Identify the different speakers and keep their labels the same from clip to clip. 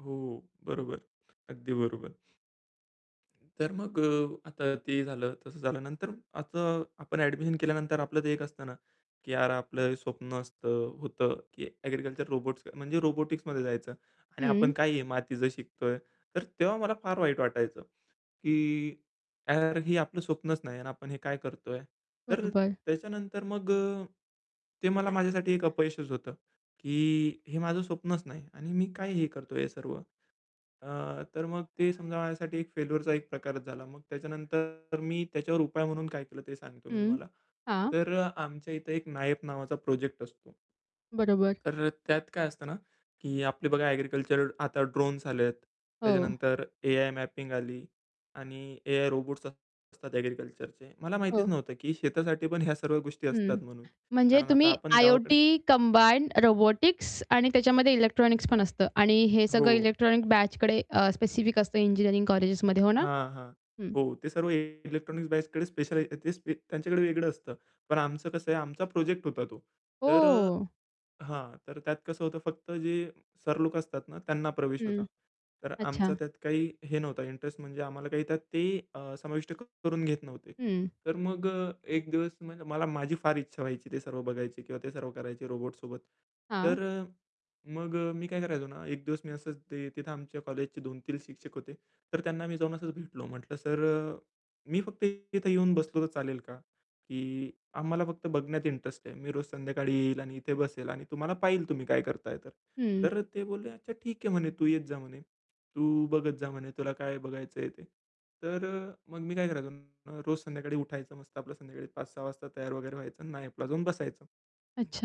Speaker 1: हो, बरोबर. अगदी बरोबर. तर मग अ, आता ते झालं तसं झालं. नंतर आता आपण ॲडमिशन केल्यानंतर आपलं ते एक असतं ना, की "यार आपलं स्वप्न असतं होतं की ॲग्रीकल्चर रोबोट्स म्हणजे रोबोटिक्समध्ये जायचं आणि
Speaker 2: हं.
Speaker 1: आपण काय हे मातीचं शिकतोय." तर तेव्हा मला फार वाईट वाटायचं, की "यार हे आपलं स्वप्नच नाही आणि आपण हे काय करतोय?" तर
Speaker 2: बरोबर.
Speaker 1: त्याच्यानंतर मग अ, ते मला माझ्यासाठी एक अपयशच होतं. की "हे माझं स्वप्नच नाही आणि मी काय हे करतोय हे सर्व?" अ, तर मग ते समजा माझ्यासाठी एक फेल्युरचा एक प्रकारच झाला. मग त्याच्यानंतर मी त्याच्यावर उपाय म्हणून काय केलं ते सांगतो मी
Speaker 2: हं.
Speaker 1: तुम्हाला.
Speaker 2: हां.
Speaker 1: तर अ, आमच्या इथे एक नायब नावाचा प्रोजेक्ट असतो.
Speaker 2: बरोबर.
Speaker 1: तर अ, त्यात काय असतं ना की आपली बघा ॲग्रीकल्चर आता ड्रोन्स आले आहेत.
Speaker 2: हो.
Speaker 1: त्याच्यानंतर एआय मॅपिंग आली आणि एआय रोबोट्ससं असतात ॲग्रीकल्चरचे. मला माहितीच
Speaker 2: हो.
Speaker 1: नव्हतं की शेतासाठी पण ह्या सर्व गोष्टी असतात
Speaker 2: हं.
Speaker 1: म्हणून.
Speaker 2: म्हणजे
Speaker 1: कारण आता
Speaker 2: तुम्ही
Speaker 1: आपण गावाकडे
Speaker 2: आय-ओ-टी कंबाईन, रोबोटिक्स आणि त्याच्यामध्ये इलेक्ट्रॉनिक्स पण असतं आणि हे सगळं
Speaker 1: हो.
Speaker 2: इलेक्ट्रॉनिक बॅचकडे अ, स्पेसिफिक असतं इंजिनिअरिंग कॉलेजेसमध्ये, हो ना?
Speaker 1: हां, हां.
Speaker 2: हं.
Speaker 1: हो, ते सर्व इलेक्ट्रॉनिक्स बॅचकडे स्पेशल आहे ते स्पे त्यांच्याकडे वेगळं असतं. पण आमचं कसं आहे, आमचा प्रोजेक्ट होता तो. तर अ
Speaker 2: ओह.
Speaker 1: हां, तर त्यात कसं होतं फक्त जे सर लोक असतात ना त्यांना प्रवेश
Speaker 2: हं.
Speaker 1: होता. तर आमचा
Speaker 2: अच्छा.
Speaker 1: त्यात काही हे नव्हता इंटरेस्ट म्हणजे आम्हाला काही त्यात ते अ, समाविष्ट करून घेत नव्हते.
Speaker 2: हं.
Speaker 1: तर मग अ, एक दिवस मला माझी फार इच्छा व्हायची ते सर्व बघायची किंवा ते सर्व करायचे रोबोट्ससोबत.
Speaker 2: हां.
Speaker 1: तर अ, मग अ, मी काय करायचो ना, एक दिवस मी असंच ते तिथे आमच्या कॉलेजचे 2-3 शिक्षक होते. तर त्यांना मी जाऊन असंच भेटलो. म्हटलं "सर अ, मी फक्त तिथे येऊन बसलो तर चालेल का? की आम्हाला फक्त बघण्यात इंटरेस्ट आहे. मी रोज संध्याकाळी येईल आणि इथे बसेल आणि तुम्हाला पाहील तुम्ही काय करताय तर."
Speaker 2: हं.
Speaker 1: तर ते बोलले, "अच्छा ठीक आहे." म्हणे. "तू येत जा." म्हणे. "तू बघत जा." म्हणे "तुला काय बघायचंय ते." तर अ, मग मी काय करायचो, रोज संध्याकाळी उठायचं मस्त आपलं संध्याकाळी 5:00-6:00 वाजता तयार वगैरे व्हायचं आणि नायपला जाऊन बसायचं.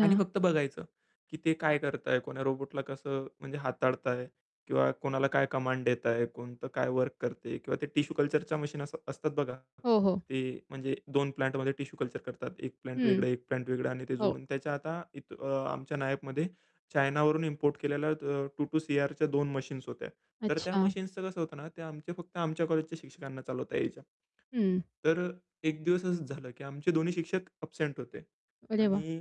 Speaker 1: आणि फक्त बघायचं की ते काय करताय? कोण्या रोबोटला कसं म्हणजे हाताळताय? किंवा कोणाला काय कमांड देताय, कोणतं काय वर्क करतंय? किंवा ते टिश्यू कल्चरच्या मशीन अस असतात बघा.
Speaker 2: हो, हो.
Speaker 1: ते म्हणजे 2 प्लांटमध्ये टिश्यू कल्चर करतात. 1 प्लांट
Speaker 2: हं.
Speaker 1: वेगळं 1 प्लांट वेगळं आणि ते
Speaker 2: हो.
Speaker 1: जोडून त्याच्या आता अ, आमच्या नायपमध्ये चायनावरून इम्पोर्ट केलेल्या अ, 2-2 Cr च्या 2 मशीन्स होत्या. तर त्या
Speaker 2: अच्छा.
Speaker 1: मशीन्सचं कसं होतं ना, ते आमच्या फक्त आमच्या कॉलेजच्या शिक्षकांना चालवता यायच्या.
Speaker 2: हं.
Speaker 1: तर अ, एक दिवस असं झालं की आमचे दोन्ही शिक्षक ॲब्सेंट होते.
Speaker 2: अरे वाह!
Speaker 1: आणि,